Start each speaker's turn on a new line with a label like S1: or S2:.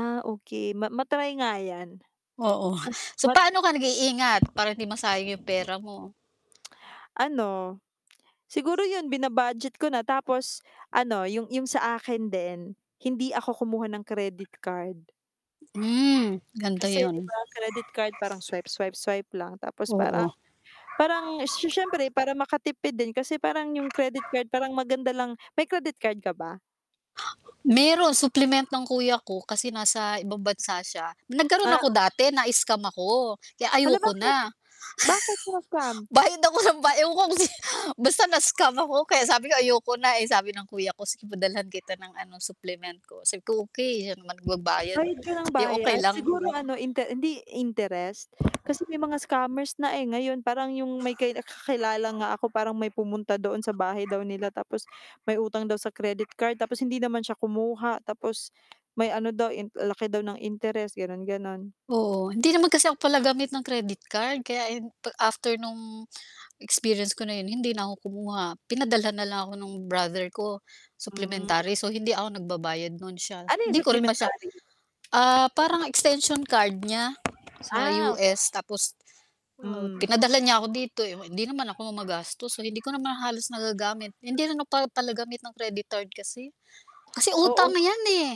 S1: Ah, okey, ma ma-try nga 'yan. Ah,
S2: Oo, so
S1: wat
S2: paano ka nag-iingat para hindi masayang 'yung pera mo?
S1: Ano, siguro 'yun, bina-budget ko na tapos ano, 'yung 'yung sa akin din hindi ako kumuha ng credit card.
S2: Hmm, ganda
S1: Kasi
S2: 'yun.
S1: 'di ba credit card parang swipe-swipe-swipe lang tapos parang
S2: Oo.
S1: parang si siyempre para makatipid din kasi parang 'yung credit card parang maganda lang may credit card ka ba?
S2: Meron supplement ng kuya ko kasi nasa ibang bansa siya. Nagkaroon
S1: Ah,
S2: ako
S1: o
S2: dati, na-scam ako, kaya
S1: Hala
S2: ayoko na.
S1: bakit? Bakit ka na scam?
S2: Bayad ako nang ba ewan ko kung si basta na-scam ako kaya sabi ko ayoko na. Eh, sabi ng kuya ko, "Sige padalhan kita ng ano supplement ko." si okey siya naman nagbabayad,
S1: Bayad ka nang
S2: 'di okey
S1: bayad?
S2: lang.
S1: Siguro ano inte hindi interest? Kasi may mga scammers na, eh. Ngayon parang 'yung may kay kakilala nga ako parang may pumunta doon sa bahay daw nila tapos may utang daw sa credit card, tapos hindi naman siya kumuha, tapos may ano daw in laki daw ng interest gano'n-gano'n.
S2: Oo, hindi naman kasi ako pala gamit ng credit card kaya, eh, after no'ng experience ko na 'yon hindi na ako kumuha, pinadalhan na lang ako nung brother ko,-
S1: Mm.
S2: supplementary- so hindi ako nagbabayad no'n siya.
S1: Ano 'yun
S2: Hindi ko rin masya
S1: supplementary?
S2: ah, parang extension card niya sa
S1: Ah, okey.
S2: US tapos, uh,
S1: Hmm.
S2: pinadalhan niya ako dito, eh, hindi naman ako magastos, so hindi ko naman halos nagagamit. Hindi rin ako pa palagamit ng credit card kasi. Kasi
S1: Oo.
S2: utang 'yan, eh.